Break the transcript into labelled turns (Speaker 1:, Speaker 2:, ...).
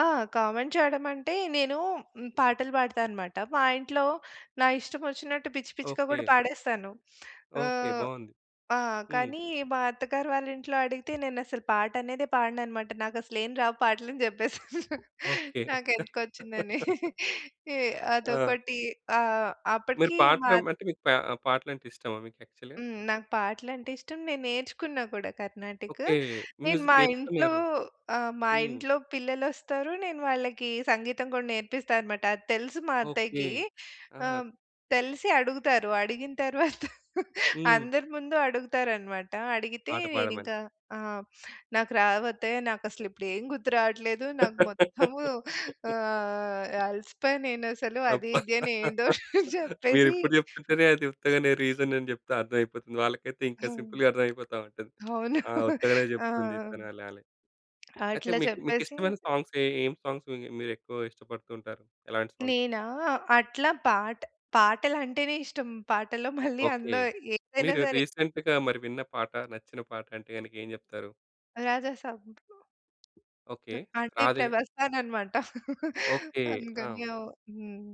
Speaker 1: ఆ! కామెంట్ చెయడమంటే, నేనూ హ్మ్, పాటలు బాడతా అనమాట. మా ఇంట్లో నా ఇష్టమొచ్చినట్టు పిచ్చి పిచ్చిగా కూడా
Speaker 2: ఓకే.
Speaker 1: పాడేస్తాను.
Speaker 2: ఓకే.
Speaker 1: ఆహ్,
Speaker 2: బావుంది.
Speaker 1: ఆ!
Speaker 2: హ్మ్.
Speaker 1: కానీ, మా అత్తగారు వాళ్ళింట్లో అడిగితే నేనసలు పాటనేదే పాడననమాట. నాకసలేం రావు పాటలని జెప్పేశాను
Speaker 2: ఓకే.
Speaker 1: నాకెందుకొచ్చిందని. ఇ
Speaker 2: ఆ!
Speaker 1: అదొకటీ. ఆహ్,
Speaker 2: మీరు
Speaker 1: అప్పటికీ మా
Speaker 2: పాటల‌మ్ అంటే, మీకు పా పాటలంటే ఇష్టమా మీకు యాక్చల్‌గా?
Speaker 1: హ్మ్. నాకు పాటలంటే ఇష్టం. నే నేర్చుకున్నా కూడా కర్ణాటిక్.
Speaker 2: ఓకే.
Speaker 1: నేను
Speaker 2: మ్యూజిక్
Speaker 1: మా ఇంట్లో
Speaker 2: నేర్చుకున్నారు.
Speaker 1: ఆ! మా
Speaker 2: హ్మ్.
Speaker 1: ఇంట్లో పిల్లలొస్తారు, నేను వాళ్ళకీ సంగీతం గోడ నేర్పిస్తా అనమాట. అది తెలుసు మా
Speaker 2: ఓకే.
Speaker 1: అత్తయ్యకీ.
Speaker 2: ఆహా!
Speaker 1: ఆహ్, తెలిసి అడుగుతారు. అడిగిన తర్వాత
Speaker 2: హ్మ్.
Speaker 1: అందరి ముందు అడుగుతారనమాట. అడిగితే
Speaker 2: పాట పాడమని.
Speaker 1: నేనింకా ఆ! నాకు రావత్తయ్య నాకసలిప్పుడేం గుర్తు రావట్లేదు. నాకు మొత్తము ఆహ్, అలిసిపోయా నేనసలు. అది
Speaker 2: అబ్బా!
Speaker 1: ఇది అని ఏందో జెప్పేసి
Speaker 2: మీరిప్పుడు చెప్తుంటేనే అది ఉత్తగానే రీజనని జెప్తే అర్థమైపోతుంది. వాళ్ళకైతే
Speaker 1: ఆ!
Speaker 2: ఇంకా సింపుల్‌గా అర్థమైపోతావుంటది.
Speaker 1: అవును.
Speaker 2: ఆ! ఉత్తగానే
Speaker 1: ఆ!
Speaker 2: చెప్తుంది తనలాలే. అయితే,
Speaker 1: అట్లా
Speaker 2: మీకు
Speaker 1: చెప్పేసీ
Speaker 2: మీకిష్టమైన సాంగ్స్ ఏ ఏం సాంగ్స్ మిగు మీరెక్కువా ఇష్టపడుతుంటారు? ఎలాంటి సాంగ్స్?
Speaker 1: నేనా? అట్లా పాట్ పాటలంటేనే ఇష్టం. పాటల్లో మళ్ళీ
Speaker 2: ఓకే.
Speaker 1: అందులో ఏదైనా
Speaker 2: మీరు
Speaker 1: సరే.
Speaker 2: రీసెంట్‌గా మరి విన్న పాట, నచ్చిన పాటంటే గనక ఏం జెప్తారు?
Speaker 1: 'రాజాసాబ్'.
Speaker 2: ఓకే.
Speaker 1: అ అంటే
Speaker 2: రాధే
Speaker 1: ఇప్పుడే వస్తాననమాట.
Speaker 2: ఓకే. ఆ!
Speaker 1: అందుకనియో హ్మ్.